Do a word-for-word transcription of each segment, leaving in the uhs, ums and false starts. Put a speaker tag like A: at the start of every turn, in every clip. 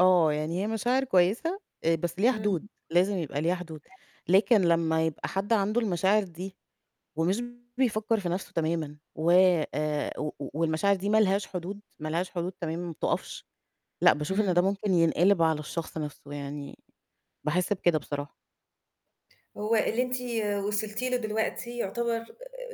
A: آه، يعني هي مشاعر كويسة آآ بس ليها حدود،
B: اهم
A: لازم يبقى ليها حدود، لكن لمّا يبقى حد عنده المشاعر دي ومش بيفكّر في نَفْسه تمامًا و آآ و و والمشاعر دي ما لهاش حدود ما لهاش حدود تمامًا وما بتقفش لأ، باشوف إن ده
B: إمم.
A: ممكن ينقلِب على الشخص نَفْسه يعني باحس بكده بصراحة.
B: هو اللي أنتِ وصلتِ له دلوقتي يُعتبر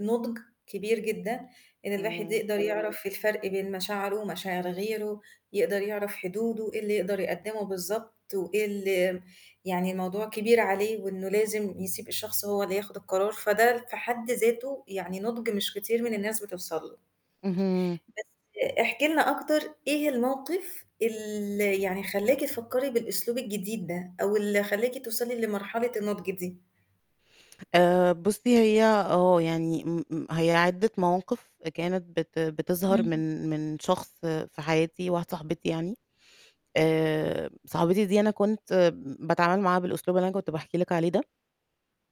B: نُضج كبير جدًا، إن الواحد
A: إمم.
B: يقدر يعرف الفرق بين مشاعره ومشاعر غيره، يقدر يعرف حدوده، إيه اللي يقدر يقدّمه بالضبط وإيه اللي م يعني الموضوع كبير عليه وإنه لازم يسيب الشخص هو اللي ياخُد القرار، فده في حد ذاته يعني نُضج مش كتير من الناس بتوصل له
A: اهم.
B: بس احكي لنا أكتر إيه الموقِف ال يعني خلّاكِ تفكّري بالأسلوب الجديد ده أو اللي خلّاكِ توصلي لمرحلة النُضج دي؟
A: آآ بُصّي هي آه، يعني م م هي عدّة مواقِف آآ كانت بت بتظهر
B: اهم.
A: من من شخص في حياتي واحدة صاحبتي يعني، آآ صاحبتي دي أنا كنت م باتعامل معاها بالأسلوب اللي أنا كنت باحكي لِك عليه ده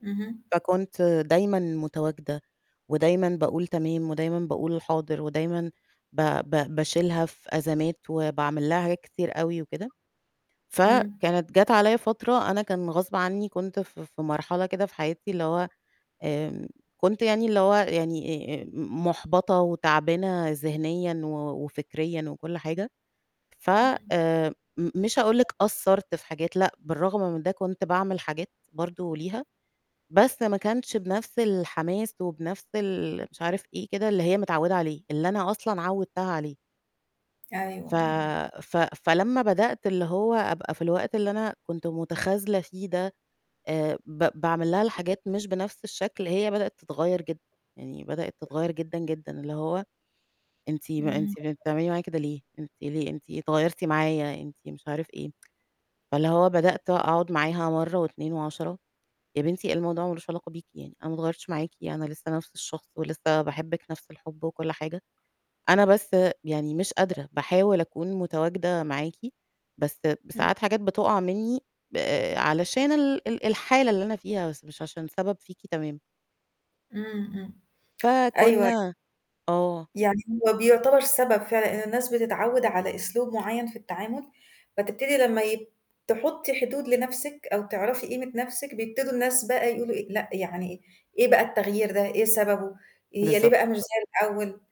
B: اهم.
A: فكنت دايمًا مُتواجدة ودايمًا باقول تمام ودايمًا باقول حاضر ودايمًا ب ب باشيلها في أزمات وباعمل لها حاجات كتير أوي وكده، ف
B: إمم.
A: كانت جات عليّا فترة أنا كان غصب عنّي كنت ف ف في مرحلة كده في حياتي اللي هو، آمم كنت يعني اللي هو يعني آآ آآ م مُحبطة وتعبانة ذهنيًا و وفكريًا وكل حاجة. ف
B: اهم.
A: آمم م مش هاقول لِك قصّرت في حاجات لأ، بالرغم من ده كنت باعمل حاجات برضه ليها، بس ما كانش بنِفْس الحماس وبنَفْس ال مش عارف إيه كده اللي هي متعوّدة عليه اللي أنا أصلًا عوّدتها عليه ف
B: أيوه، أيوه.
A: ف فلمّا بدأت اللي هو أبقى في الوقت اللي أنا كنت مُتخاذلة فيه ده آآ ب باعمل لها الحاجات مش بنَفْس الشكل هي بدأت تتغيّر جد يعني بدأت تتغيّر جدًا، جدًا اللي هو أنتِ ما
B: إمم.
A: أنتِ بن بتعملي معايا كده ليه أنتِ ليه، أنتِ اتغيّرتِ معايا، أنتِ مش عارف إيه. فاللي هو بدأت أقعُد معاها مرّة واتنين وعَشَرة يا بنتي الموضوع ما لوش علاقة بيكِ يعني، أنا ما اتغيّرتش معاكِ، أنا لسه نَفْس الشخص ولسه باحبّك نَفْس الحُب وكل حاجة، أنا بس يعني مش قادرة باحاول أكون مُتواجدة معاكِ بس
B: اهم.
A: بساعات حاجات بتقع منّي ب آآ علشان ال ال الحالة اللي أنا فيها بس مش عشان سَبب فيكِ تمامًا.
B: إمم، إمم. أيوه، أي
A: فكنّا آه.
B: يعني هو بيُعتبر سَبب فعلًا إن الناس بتتعوّد على أسلوب معيّن في التعامل فتبتدّي لمّا يب تحُطّي حدود لنَفْسِك أو تعرفي قيمة نَفْسِك بيبتدوا الناس بقى يقولوا إيه، لأ، يعني إيه إيه بقى التغيير ده، إيه سَببه، هي ليه
A: بالضب
B: بقى مش زي الأول؟